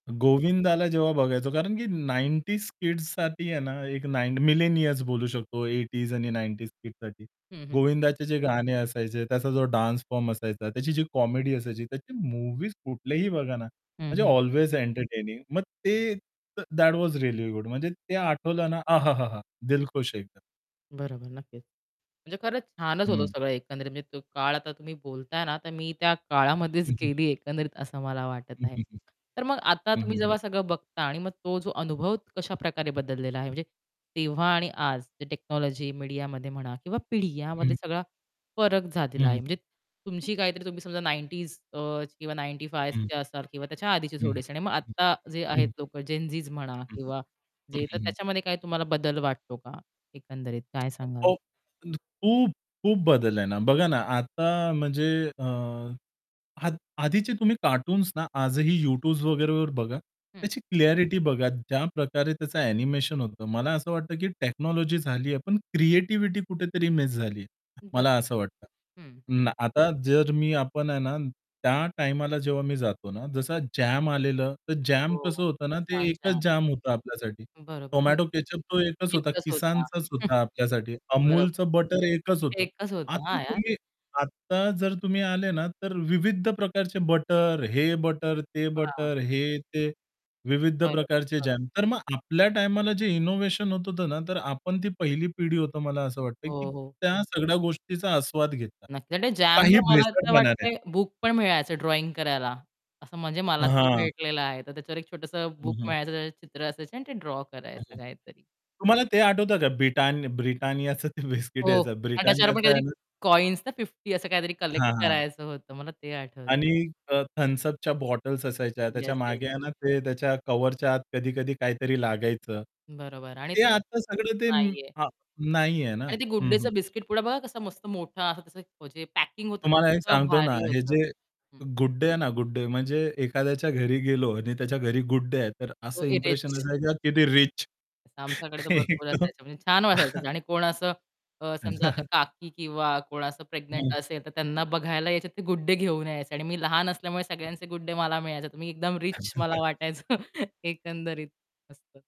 गोविंदाला जेव्हा बघायचो कारण की 90s किड्स साठी आहे ना, एक 9 मिलेनियर्स बोलू शकतो. 80s आणि 90s किड्स साठी हं, हं. गोविंदाचे जे गाणे असायचे त्याचा जो डान्स फॉर्म असायचा त्याची जी कॉमेडी असायची त्याची मूव्हीज कुठलेही बघा ना, हं, म्हणजे हं. अल्वेज एंटरटेनिंग मग ते दॅट वॉज रिअली गुड म्हणजे ते आठवलं ना, आहाहाहा! दिलखुश एकदम. बरोबर नक्कीच. म्हणजे खरंच छानच होतं हं. सगळं एकंदरीत म्हणजे तो काळ आता तुम्ही बोलताय ना, तर मी त्या काळामध्येच हं, हं. गेली एकंदरीत असं मला वाटत हं, आहे. हं, हं. तर मग आता हं, तुम्ही हं, हं. जेव्हा सगळं बघता आणि मग तो जो अनुभव कशा प्रकारे बदललेला आहे म्हणजे तेव्हा आणि आज जे टेक्नॉलॉजी मीडियामध्ये म्हणा किंवा पिढी या मध्ये हं. सगळा फरक झालेला आहे. हं. म्हणजे तुमची काहीतरी तुम्ही समजा 90ज आह किंवा 95 हं. ची असाल किंवा त्याच्या आधीचे हं, थोडेसे आणि मग हं. आत्ता जे हं, आहेत हं. लोकं जेनझीज म्हणा हं, किंवा जे तर हं, हं. त्याच्यामध्ये काय तुम्हाला बदल वाटतो का? एकंदरीत काय सांगाल? [unintelligible] खूप-खूप बदल आहे ना. बघा ना आता म्हणजे अ, अध आधीचे तुम्ही कार्टून्स ना आजही YouTube वगैरे वर बघा. हं. त्याची क्लॅरिटी बघा ज्याप्रकारे त्याचं एनिमेशन होतं. मला असं वाटतं की टेक्नॉलॉजी झालीये पण क्रिएटिव्हिटी कुठेतरी मिस झालीये. बरं. मला असं वाटतं. हं ना आता जर मी आपण आहे ना त्या टाईमाला जेव्हा मी जातो ना, जसं जाम आलेलं तर जॅम हो. कसं होतं ना ते Kissan एकच जॅम. जॅम होतं आपल्यासाठी. बरोबर. हो. टोमॅटो केचअप तो एकच होता, एकच होता. Kissanचाच होता आपल्यासाठी. Amulच बरोबर. बटर एकच होतं. एकच होतं. आता हां यार. तुम्ही आता जर तुम्ही आले ना तर विविध प्रकारचे बटर, हे बटर, ते हां. बटर, हे ते विविध बरोबर, प्रकारचे बरोबर. जाम तर मग आपल्या टाईमाला जे इनोव्हेशन होत होतं ना, तर आपण ती पहिली पिढी होतं मला असं वाटतं की हो, हो. त्या सगळ्या गोष्टीचा आस्वाद घेता. नक्की. काही जॅमवर मला असं भेसळपणा नाही. वाटत बुक पण मिळायचं ड्रॉइंग करायला, असं म्हणजे मला तरी हां. भेटलेलं आहे तर त्याच्यावर एक छोटंस हं, बुक हं मिळायचं चित्र असायची आणि ते ड्रॉ करायचं [unintelligible] काहीतरी. तुम्हाला ते आठवतं का? ब्रिट BRITANNIAचं ते बिस्किट हो. यायचा आणि त्याच्यावर पण BRITANNIAचं आहे काहीतरी ना. कॉइन्स ना 50 असं काहीतरी कलेक्ट हां, हां. करायचं होतं मला ते आणि आठवतंय. अ, Thums Up बॉटल्स असायच्या त्याच्या येस, येस. मागे आहे ना, ते त्याच्या कव्हरच्या आत कधी-कधी काहीतरी लागायचं. बरोबर आणि ते [unintelligible] आता सगळं ते नाहीये. हां. नाहीये ना. आणि ते Good हं, हं. Dayचं बिस्किट पुडा बघा कसा मस्त मोठा असा पॅकिंग होतं तुम्हाला एक ते सांगतो ना, भारी हे होतं. जे हं. Good Day आहे ना, Good Day. म्हणजे एखाद्याच्या घरी गेलो आणि त्याच्या घरी Good Day आहे तर असं तो इंप्रेशन इरेज. असायाचं की ते रिच. आमच्याकडे तर भरपूर असायचं म्हणजे छान वाटायचं आणि कोण असं अ, समजा आता काकी किंवा कोण असं हं. प्रेग्नंट असेल तर त्यांना बघायला यायचेत ते Good Day घेऊन यायचे आणि मी लहान असल्यामुळे सगळ्यांचे Good Day मला मिळायचे. मी एकदम रिच मला वाटायचं एकंदरीत असतं.